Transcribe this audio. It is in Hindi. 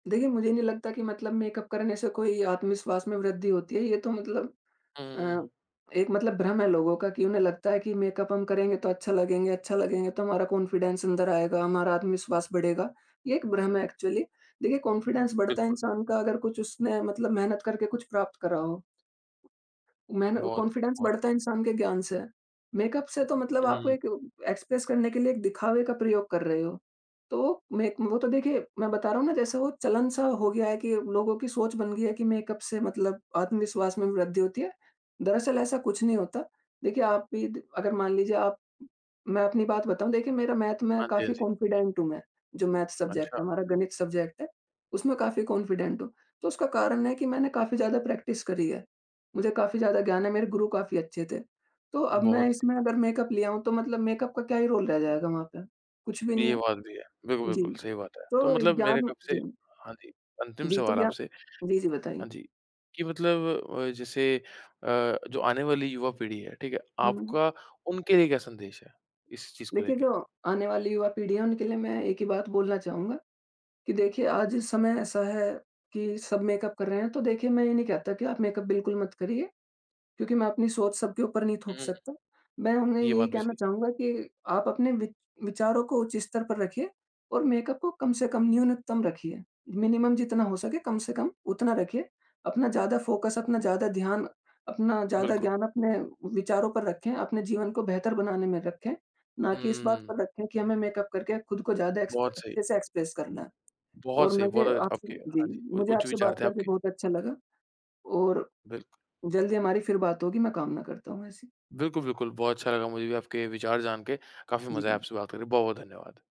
देखिए, मुझे नहीं लगता कि मतलब मेकअप करने से कोई आत्मविश्वास में वृद्धि होती है ये तो मतलब हुँ, हुँ, अ, हुँ। एक मतलब भ्रम है लोगों का कि उन्हें लगता है कि मेकअप हम करेंगे तो अच्छा लगेंगे अच्छा लगेंगे तो हमारा कॉन्फिडेंस अंदर आएगा, हमारा आत्मविश्वास बढ़ेगा। ये एक भ्रम है एक्चुअली। देखिए कॉन्फिडेंस बढ़ता है बिल्कुल। इंसान का अगर कुछ उसने मतलब मेहनत करके कुछ प्राप्त करा हो। मैंने बहुत, कॉन्फिडेंस बहुत। बढ़ता है इंसान के ज्ञान से है, मेकअप से तो मतलब हुँ, आप हुँ। एक उ एक्सप्रेस करने के लिए एक दिखावे का प्रयोग कर रहे हो। तो मे वो तो देखिए मैं बता रहा हूँ ना जैसे वो चलन सा हो गया है कि अब लोगों की सोच बन गई है कि मेकअप से मतलब आत्मविश्वास में वृद्धि होती है, दरअसल ऐसा कुछ नहीं होता। देखिए, आप भी दि अगर मान लीजिए आप मैं अपनी बात बताऊँ, देखिए मेरा मैथ में हाँ जी, हाँ काफ़ी जी। कॉन्फिडेंट हूँ मैं, जो मैथ सब्जेक्ट अच्छा। है, हमारा गणित सब्जेक्ट है, उसमें काफ़ी कॉन्फिडेंट हूँ। तो उसका कारण है कि मैंने काफ़ी ज़्यादा प्रैक्टिस करी है, मुझे काफ़ी ज़्यादा ज्ञान है, मेरे गुरु काफ़ी अच्छे थे। तो अब मैं बहुत सही। इसमें अगर मेकअप लिया हूँ तो मतलब मेकअप का क्या ही रोल रह जाएगा वहाँ पे? कुछ भी नहीं ये है। बात भी है। बिल्कुल, जी, बिल्कुल सही बात है, तो तो मतलब मेरे एग्ज़ाम कब से जी। हाँ जी, अंतिम जी, तो सवाल क्या आपसे। जी, जी बताइए। हाँ जी, कि मतलब अ, जैसे अ, जो आने वाली युवा पीढ़ी है, ठीक है? हुँ, हुँ। आपका उनके लिए क्या संदेश है इस चीज़ को देखिए, लेके? जो आने वाली युवा-पीढ़ी है उनके लिए मैं एक ही बात बोलना चाहूँगा कि देखिए, आज इस समय ऐसा है कि सब मेकअप कर रहे हैं तो देखिए मैं ये नहीं कहता कि आप मेकअप बिल्कुल मत करिए। क्योंकि मैं अपनी सोच सब ऊपर नहीं थोप हुँ, हुँ, हुँ। सकता मैं उन्हें ये यही बात भी कहना सही चाहूँगा कि आप अपने विच विचारों को उच्च स्तर पर रखिए और मेकअप को कम से कम न्यूनतम रखिए। मिनिमम जितना हो सके कम से कम उतना रखिए अपना ज़्यादा फ़ोकस अपना ज़्यादा ध्यान, अपना ज़्यादा बिल्कुल। ज्ञान अपने विचारों पर रखें, अपने जीवन को बेहतर बनाने में रखें। ना कि इस बात हुँ। पर रखें कि हमें मेकअप करके ख़ुद को ज़्यादा एक्स बहुत सही। अच्छे से एक्सप्रेस करना है और बहुत सही, मुझे बहुत [unintelligible] आपसे आपके जी, हाँ जी, उ मुझे उच्च आपसे विचार बात थे करके आपके। बहुत अच्छा लगा और बिल्क जल्दी हमारी फिर बात होगी मैं कामना करता हूँ ऐसी। बिल्कुल, बिल्कुल। बहुत अच्छा लगा मुझे भी आपके विचार जान के काफ़ी मज़ा आया जी। आपसे बात करके बहुत-बहुत धन्यवाद।